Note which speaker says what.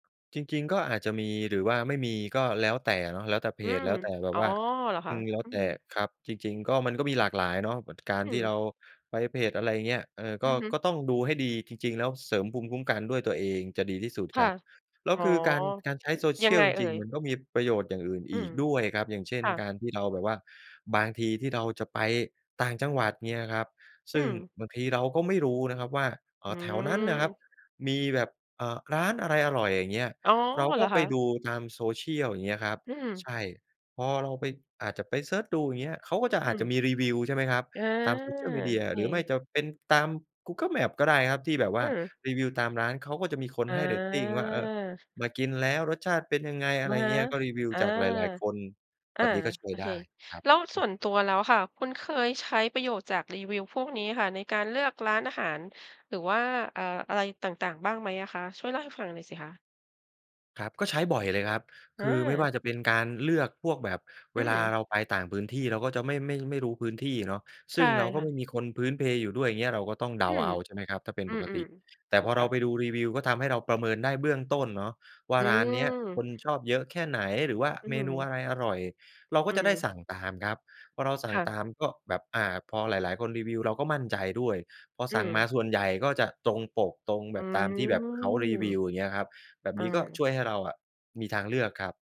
Speaker 1: จริง ๆ ก็อาจจะมี หรือว่าไม่มีก็แล้วแต่เนาะ แล้วแต่เพ
Speaker 2: อื
Speaker 1: จ
Speaker 2: ม
Speaker 1: แล้วแต่แบ
Speaker 2: อ
Speaker 1: บ
Speaker 2: ๋อ
Speaker 1: ว่า
Speaker 2: เหรอค
Speaker 1: อื
Speaker 2: ะ?
Speaker 1: ม แล้ว
Speaker 2: อื
Speaker 1: แต่
Speaker 2: อ
Speaker 1: ครับ จริง ๆ ก็ มันก็มีหลากหลายเนาะกา
Speaker 2: อ
Speaker 1: ร
Speaker 2: ื
Speaker 1: ที่เร
Speaker 2: อ
Speaker 1: าไปเพจ อะไรอย่างเงี้ย เออ ก
Speaker 2: อ
Speaker 1: ็
Speaker 2: ือฮึ
Speaker 1: ก็ต้องดูให้ดี จริง ๆ แล้วเสริมภูมิคุ้มกันด้วยตัวเองจะดีที่สุด
Speaker 2: ค
Speaker 1: ค
Speaker 2: ่ะ
Speaker 1: รับ แล้ว
Speaker 2: อ๋อ
Speaker 1: คือการ การใช้โซเช
Speaker 2: ยั
Speaker 1: ี
Speaker 2: ง
Speaker 1: ยล
Speaker 2: ไง
Speaker 1: จ
Speaker 2: เอ่
Speaker 1: ริง
Speaker 2: ย?
Speaker 1: ๆ มันก็มีประโยชน์อย่างอื่น
Speaker 2: อื
Speaker 1: อี
Speaker 2: ม
Speaker 1: กด้วยครับ อย่างเช่น
Speaker 2: ค่
Speaker 1: ก
Speaker 2: ะ
Speaker 1: ารที่เราแบบว่าบางทีที่เราจะไปต่างจังหวัดอย่างเงี้ยครับ ซ
Speaker 2: อื
Speaker 1: ึ่ง
Speaker 2: อ
Speaker 1: บางทีเราก็ไม่รู้นะครับว่า เอ่
Speaker 2: อื
Speaker 1: อ แถวนั้นนะครับ
Speaker 2: ม
Speaker 1: มีแบบ อ่า ร้านอะไรอร่อย อย่างเงี้ย
Speaker 2: อ๋อ
Speaker 1: เรา
Speaker 2: เ
Speaker 1: ก
Speaker 2: หร
Speaker 1: ็
Speaker 2: อ
Speaker 1: ไ
Speaker 2: ค
Speaker 1: ป
Speaker 2: ะ?
Speaker 1: ดูตาม social อย่างเงี้ยครับ
Speaker 2: อือ
Speaker 1: ใช่ พอเราไป อาจจะไปเซิร์ชดู อย่างเงี้ย เขาก็จะ
Speaker 2: อ
Speaker 1: อ
Speaker 2: ื
Speaker 1: าจจะ
Speaker 2: ม
Speaker 1: มีรีวิว ใช่ไหมครับ
Speaker 2: อา
Speaker 1: ตาม Social Media
Speaker 2: โอเ
Speaker 1: หรือไม่
Speaker 2: ค
Speaker 1: จะเป็นตาม Google Maps ก็ได้ครับ ที่แบบว
Speaker 2: อ
Speaker 1: ่
Speaker 2: ื
Speaker 1: า
Speaker 2: ม
Speaker 1: รีวิวตามร้านเขาก็จะมีคน
Speaker 2: อ
Speaker 1: ให้เรตติงว่า เอ่อ
Speaker 2: า
Speaker 1: มากินแล้วรสชาติเป็นยังไง อ
Speaker 2: อ
Speaker 1: ะไ
Speaker 2: ะ
Speaker 1: ร
Speaker 2: ฮะ
Speaker 1: เงี้ย ก็รีวิว
Speaker 2: อา
Speaker 1: จากหลาย ๆ คน
Speaker 2: อ
Speaker 1: แ
Speaker 2: า
Speaker 1: บบนี้ก็ช่ว
Speaker 2: โอ
Speaker 1: ย
Speaker 2: เ
Speaker 1: ไ
Speaker 2: ค
Speaker 1: ด้ครับ
Speaker 2: แล้ว
Speaker 1: อ
Speaker 2: ส
Speaker 1: ื
Speaker 2: ่
Speaker 1: ม
Speaker 2: วนตัวแล้วค่ะ คุณเคยใช้ประโยชน์จากรีวิวพวกนี้ค่ะ ในการเลือกร้านอาหาร หรือว่า เอ่อ อะไรต่าง ๆ บ้างไหมอะคะ ช่วยเล่าให้ฟังหน่อยสิคะ?
Speaker 1: ครับ ก็ใช้บ่อยเลยครับ
Speaker 2: อ
Speaker 1: คือไม่ว่
Speaker 2: า
Speaker 1: าจะเป็นการเลือกพวกแบบเ
Speaker 2: อื
Speaker 1: วลา
Speaker 2: อ
Speaker 1: เราไปต่างพื้นที่ เราก็จะไม่ ไม่ ไม่รู้พื้นที่เนาะ
Speaker 2: ใ
Speaker 1: ซ
Speaker 2: ช
Speaker 1: ึ่
Speaker 2: ่
Speaker 1: งเราก็
Speaker 2: ค่
Speaker 1: ไม
Speaker 2: ะ
Speaker 1: ่มีคนพื้นเพอยู่ด้วย อย่างเงี้ย เราก็ต้องเด
Speaker 2: อื
Speaker 1: าเ
Speaker 2: อ
Speaker 1: อา ใช่ไหมครับ ถ้าเป็น
Speaker 2: อื
Speaker 1: ปกต
Speaker 2: ม
Speaker 1: ิ แต
Speaker 2: ๆ
Speaker 1: ่
Speaker 2: ถู
Speaker 1: พ
Speaker 2: ก
Speaker 1: อเ
Speaker 2: ค
Speaker 1: ร
Speaker 2: ่
Speaker 1: า
Speaker 2: ะ
Speaker 1: ไปดูรีวิว ก็ทำให้เราประเมินได้เบื้องต้นเนาะ ว่
Speaker 2: อ
Speaker 1: า
Speaker 2: ื
Speaker 1: ร้านเนี้ยค
Speaker 2: ม
Speaker 1: นชอบเยอะแค่ไหน หรือว่า
Speaker 2: อื้อ
Speaker 1: เม
Speaker 2: ฮื
Speaker 1: นู
Speaker 2: อ
Speaker 1: อะไรอร่อย เราก
Speaker 2: อื
Speaker 1: ็จะได้
Speaker 2: ม
Speaker 1: สั่งตามครับ พอเราสั
Speaker 2: ค
Speaker 1: ่ง
Speaker 2: ่
Speaker 1: ต
Speaker 2: ะ
Speaker 1: ามก็แบบ อ่า พอหลาย ๆ คนรีวิวเราก็มั่นใจด้วย พอ
Speaker 2: อื
Speaker 1: สั่งม
Speaker 2: ม
Speaker 1: าส่วนใหญ่ก็จะตรงปก ตรง
Speaker 2: อ
Speaker 1: แ
Speaker 2: ื
Speaker 1: บบตามที่แบบเขารี
Speaker 2: ม
Speaker 1: วิว อย่างเงี้ยครับ แบบ
Speaker 2: อ
Speaker 1: นี้ก็ช
Speaker 2: า
Speaker 1: ่วยให้เราอะมีทางเลือกครับ